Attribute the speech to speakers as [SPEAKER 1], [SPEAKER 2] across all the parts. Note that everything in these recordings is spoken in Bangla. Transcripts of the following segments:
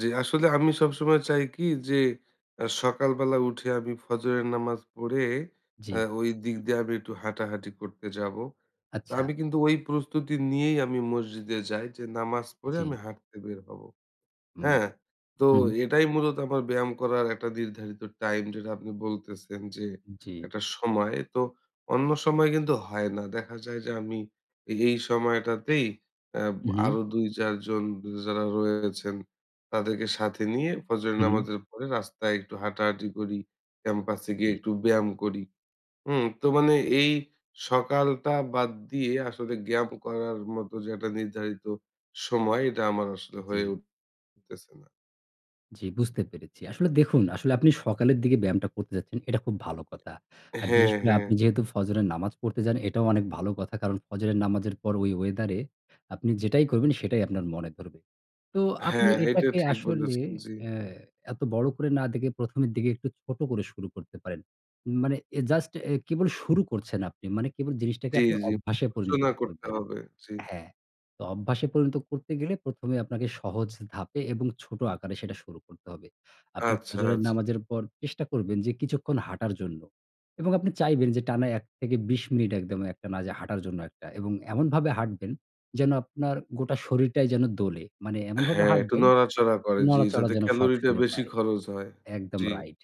[SPEAKER 1] জি, আসলে আমি সবসময় চাই কি যে, অ্যা সকাল বেলা উঠে আমি ফজরের নামাজ পড়ে
[SPEAKER 2] জি।
[SPEAKER 1] অ্যা
[SPEAKER 2] উ
[SPEAKER 1] ওই দিক দিয়ে আমি একটু হাঁটাহাঁটি করতে যাবো। তো
[SPEAKER 2] আচ্ছা।
[SPEAKER 1] আমি কিন্তু ওই প্রস্তুতি নিয়েই আমি মসজিদে যাই। যে নামাজ পড়ে
[SPEAKER 2] জি।
[SPEAKER 1] আমি হাঁটতে বের হবো।
[SPEAKER 2] হুম।
[SPEAKER 1] হ্যাঁ? তো
[SPEAKER 2] হুম।
[SPEAKER 1] এটাই মূলত আমার ব্যায়াম করার একটা নির্ধারিত টাইম, যেটা আপনি বলতেছেন যে
[SPEAKER 2] জি।
[SPEAKER 1] একটা সময়, তো অন্য সময় কিন্তু হয় না। দেখা যায় যে আমি এ এই সময়টাতেই অ্যাব
[SPEAKER 2] উ হু।
[SPEAKER 1] আরো ২-৪ জন যারা রয়েছেন, তাদেরকে সাথে নিয়ে ফজরের
[SPEAKER 2] হু, হু।
[SPEAKER 1] নামাজের পরে রাস্তায় একটু হাঁটাহাঁটি করি। ক্যাম্পাসে গিয়ে
[SPEAKER 2] জি।
[SPEAKER 1] একটু ব্যায়াম করি। হুম? তো মানে এই সকালটা বাদ দিয়ে আসলে ব্যায়াম করার মত যে একটা নির্ধারিত সময়, এটা আমার আসলে হয়ে
[SPEAKER 2] জি।
[SPEAKER 1] উঠতেছে না।
[SPEAKER 2] জি, বুঝতে পেরেছি। আসলে দেখুন, আসলে আপনি সকালের দিকে ব্যায়ামটা করতে যাচ্ছেন। এটা খুব ভালো কথা। আর
[SPEAKER 1] হ্যাঁ,
[SPEAKER 2] বিশেষ করে
[SPEAKER 1] হ্যাঁ।
[SPEAKER 2] আপনি যেহেতু ফজরের নামাজ পড়তে যান, এটাও অনেক ভালো কথা। কারণ ফজরের নামাজের পর ওই ওয়েদারে আপনি যেটাই করবেন, সেটাই আপনার মনে ধরবে। তো আপনি
[SPEAKER 1] হ্যাঁ, এটা
[SPEAKER 2] এটাকে
[SPEAKER 1] ঠিক
[SPEAKER 2] আসলে
[SPEAKER 1] বলেছেন, জি।
[SPEAKER 2] অ্যা এত বড় করে না দেখে, ১ম এর দিকে একটু ছোট করে শুরু করতে পারেন। মানে এ জাস্ট এ কেবল শুরু করছেন আপনি। মানে কেবল জিনিসটাকে
[SPEAKER 1] জি,
[SPEAKER 2] আপনি
[SPEAKER 1] জি।
[SPEAKER 2] অভ্যাসে পরিণত
[SPEAKER 1] নড়াচড়া করতে
[SPEAKER 2] করবেন।
[SPEAKER 1] হবে। জি।
[SPEAKER 2] হ্যাঁ। তো অভ্যাসে পরিণত করতে গেলে ১ম এ আপনাকে সহজ ধাপে এবং ছোট আকারে সেটা শুরু করতে হবে। আপনি
[SPEAKER 1] আচ্ছা,
[SPEAKER 2] ফজরের
[SPEAKER 1] আচ্ছা।
[SPEAKER 2] নামাজের পর চেষ্টা করবেন যে কিছুক্ষণ হাঁটার জন্য এবং আপনি চাইবেন যে টানা ১-২০ মিনিট একদম এক টানা যে হাঁটার জন্য একটা। এবং এমনভাবে হাঁটবেন যেন আপনার গোটা শরীরটাই যেন দোলে। মানে এমনভাবে
[SPEAKER 1] হ্যাঁ, একটু
[SPEAKER 2] হাঁটবেন
[SPEAKER 1] নড়াচড়া করে, জি।
[SPEAKER 2] নড়াচড়া
[SPEAKER 1] যাতে
[SPEAKER 2] যেন সব
[SPEAKER 1] ক্যালোরিটা
[SPEAKER 2] শরীরে
[SPEAKER 1] বেশি
[SPEAKER 2] পায়।
[SPEAKER 1] খরচ হয়।
[SPEAKER 2] একদম,
[SPEAKER 1] জি।
[SPEAKER 2] রাইট।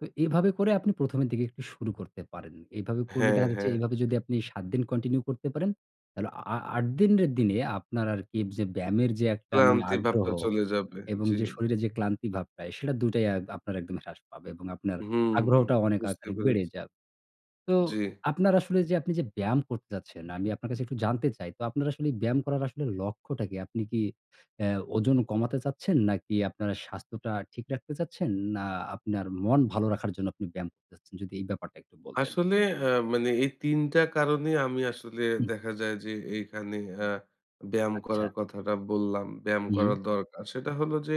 [SPEAKER 2] তো এভাবে করে আপনি ১ম এর দিকে একটু শুরু করতে পারেন। এভাবে করলে
[SPEAKER 1] হ্যাঁ,
[SPEAKER 2] দেখা যাচ্ছে
[SPEAKER 1] হ্যাঁ।
[SPEAKER 2] এভাবে যদি আপনি ৭ দিন কন্টিনিউ করতে পারেন, তাহলে আ আ ৮ দিনের দিনে আপনার আরকি যে ব্যায়ামের মানে যে একটা
[SPEAKER 1] ক্লান্তি
[SPEAKER 2] আগ্রহ
[SPEAKER 1] ভাবটা চলে যাবে।
[SPEAKER 2] এবং
[SPEAKER 1] জি,
[SPEAKER 2] যে
[SPEAKER 1] জি।
[SPEAKER 2] শরীরে যে ক্লান্তি ভাবটা, সেটা দুইটাই অ্যা আপনার একদম হ্রাস পাবে এবং আপনার
[SPEAKER 1] হুম।
[SPEAKER 2] আগ্রহটাও অনেক
[SPEAKER 1] বুঝতে
[SPEAKER 2] আকারে
[SPEAKER 1] পেরেছি।
[SPEAKER 2] বেড়ে যাবে। তো
[SPEAKER 1] জি।
[SPEAKER 2] আপনার আসলে যে আপনি যে ব্যায়াম করতে চাচ্ছেন, আমি আপনার কাছে একটু জানতে চাই। তো আপনার আসলে ব্যায়াম করার আসলে লক্ষ্যটা কী? আপনি কি অ্যা ওজন কমাতে চাচ্ছেন? নাকি আপনার স্বাস্থ্যটা ঠিক রাখতে চাচ্ছেন? না, আপনার মন ভালো রাখার জন্য আপনি ব্যায়াম করতে চাচ্ছেন? যদি এই ব্যাপারটা একটু বলতেন।
[SPEAKER 1] আসলে অ্যা মানে এই ৩ টা কারণে আমি আসলে
[SPEAKER 2] হুম।
[SPEAKER 1] দেখা যায় যে এইখানে অ্যা ব্যায়াম
[SPEAKER 2] আচ্ছা।
[SPEAKER 1] করার কথাটা বললাম। ব্যায়াম
[SPEAKER 2] হুম।
[SPEAKER 1] করার দরকার। সেটা হলো যে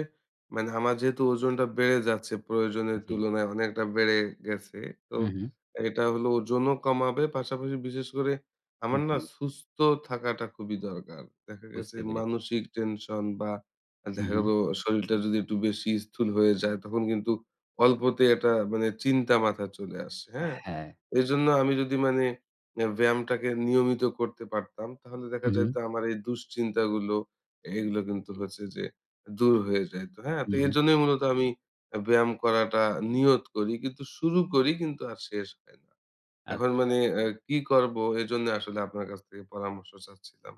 [SPEAKER 1] মানে আমার যেহেতু ওজনটা বেড়ে যাচ্ছে, প্রয়োজনের
[SPEAKER 2] জি।
[SPEAKER 1] তুলনায় অনেকটা বেড়ে গেছে। তো
[SPEAKER 2] হু, হু।
[SPEAKER 1] এটা হলো ওজনও কমাবে, পাশাপাশি বিশেষ করে
[SPEAKER 2] হু,
[SPEAKER 1] আমার না
[SPEAKER 2] জি।
[SPEAKER 1] সুস্থ থাকাটা খুবই দরকার। দেখা গেছে
[SPEAKER 2] বুঝতে পেরেছি।
[SPEAKER 1] মানসিক টেনশন বা,
[SPEAKER 2] হু,
[SPEAKER 1] দেখা
[SPEAKER 2] হু।
[SPEAKER 1] গেলো শরীরটা যদি একটু বেশি স্থূল হয়ে যায়, তখন কিন্তু অল্পতেই একটা মানে চিন্তা মাথায় চলে আসে, হ্যাঁ।
[SPEAKER 2] হ্যাঁ।
[SPEAKER 1] এজন্য আমি যদি মানে এ ব্যায়ামটাকে নিয়মিত করতে পারতাম, তাহলে দেখা
[SPEAKER 2] হু, হু।
[SPEAKER 1] যাইতো আমার এই দুশ্চিন্তাগুলো, এগুলা কিন্তু
[SPEAKER 2] জি।
[SPEAKER 1] হচ্ছে যে দূর হয়ে যাইত। হ্যাঁ? তো
[SPEAKER 2] হুঁ, হুঁ।
[SPEAKER 1] এজন্যই মূলত আমি ব্যায়াম করাটা নিয়ত করি। কিন্তু শুরু করি, কিন্তু আর শেষ হয় না। এখন মানে
[SPEAKER 2] আচ্ছা।
[SPEAKER 1] আ কি করবো? এজন্য আসলে আপনার কাছ থেকে পরামর্শ চাচ্ছিলাম।